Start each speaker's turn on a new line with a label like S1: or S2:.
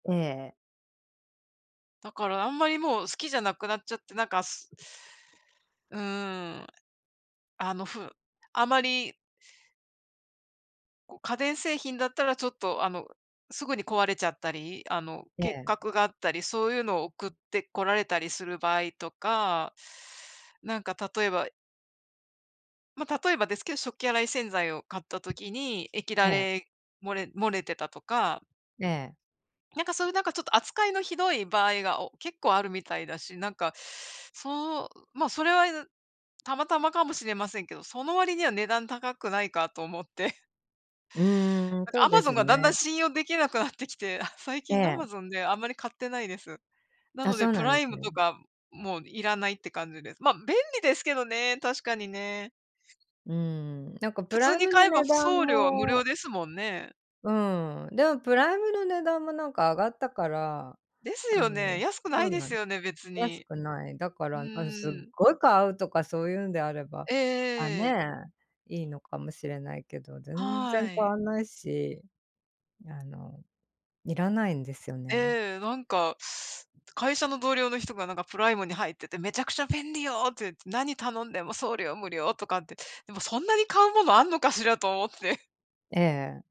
S1: ええ。
S2: だから、あんまりもう好きじゃなくなっちゃって、なんかすうん、あの、ふあまりこう、家電製品だったらちょっと、あの、すぐに壊れちゃったり、あの、
S1: え
S2: 欠
S1: え。
S2: 格があったりそういうのを送ってこられたりする場合とか、なんか例えばま、例えばですけど、食器洗い洗剤を買った時に液だ
S1: ええ。
S2: れ、漏れ漏れてたとか。
S1: ええ。
S2: なんかそういうなんかちょっと扱いのひどい場合が、お結構あるみたいだし。なんかそう、ま、それはたまたまかもしれませんけどその割には値段高くないかと思って。
S1: うーん、
S2: なん
S1: そ
S2: か、ア
S1: う
S2: マ
S1: で
S2: ゾン
S1: す
S2: がだんだん
S1: ね。
S2: 信用できなくなってきて、あ、最
S1: え
S2: 近ア
S1: え。
S2: マゾンであんまり買ってないです。な
S1: あ、
S2: ので
S1: そう
S2: プ
S1: なん
S2: ラ
S1: で
S2: イ
S1: す
S2: ム
S1: ね。
S2: とかもういらないって感じです。ま、便利ですけどね、確かにね。
S1: うん。なんか
S2: 普
S1: プ
S2: 通
S1: ライ
S2: に
S1: ムの
S2: 買えば
S1: 値段
S2: 送料は無
S1: も
S2: 料ですもんね。
S1: うん、でもプライムの値段もなんか上がったから。
S2: です
S1: あ
S2: よね、
S1: の、
S2: 安くな
S1: そ
S2: い
S1: う
S2: で
S1: なん
S2: すよね、別
S1: 安
S2: に。
S1: くない。だか
S2: う
S1: ら、あの、すっ
S2: ん。
S1: ごい買うとかそういうんであれば、
S2: え
S1: あ、
S2: え。
S1: ね、いいのかもしれないけど全然
S2: は
S1: 買
S2: い。
S1: わないし、あの、いらないんですよね。
S2: ええ、なんか会社の同僚の人がなんかプライムに入ってて「めちゃくちゃ便利よ」って言って「何頼んでも送料無料」とかって。でも、そんなに買うものあんのかしらと思って。
S1: ええ。